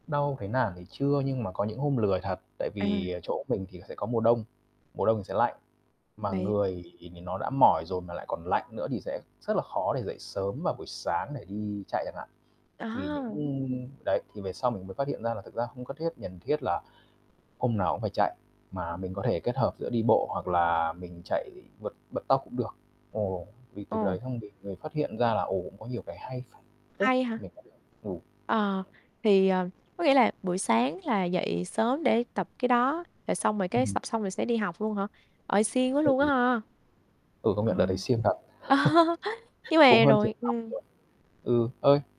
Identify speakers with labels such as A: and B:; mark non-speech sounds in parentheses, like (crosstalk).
A: Đau thấy nản thì chưa nhưng mà có những hôm lười thật. Tại vì,
B: À.
A: à, chỗ mình thì sẽ có mùa đông, mùa đông thì sẽ lạnh, mà
B: Bậy
A: người thì nó đã mỏi rồi mà lại còn lạnh nữa thì sẽ rất là khó để dậy sớm vào buổi sáng để đi chạy chẳng hạn. Thì những
B: À!
A: đấy thì về sau mình mới phát hiện ra là thực ra không có thiết cần thiết là hôm nào cũng phải chạy, mà mình có thể kết hợp giữa đi bộ, hoặc là mình chạy vượt bật tốc cũng được. Ồ, vì từ đấy
B: Ồ!
A: xong bình về phát hiện ra là, ồ, cũng có nhiều cái hay ph phết
B: Hay hả?
A: mình có được. Ừ.
B: Ờ, thì, ờ, có nghĩa là buổi sáng là dậy sớm để tập cái đó, rồi xong rồi
A: Ừm
B: cái
A: hừm.
B: sập xong rồi sẽ đi học luôn hả? Ời, siêng quá luôn á
A: (unintelligible)
B: ha!
A: Ừ, công
B: Ờ,
A: nhận đợt đấy siêng thật.
B: (laughs)
A: (chuckles)
B: nhưng
A: Cũng
B: mà
A: hơn chục
B: rồi
A: năm
B: ừm.
A: rồi. Ừ, ơi?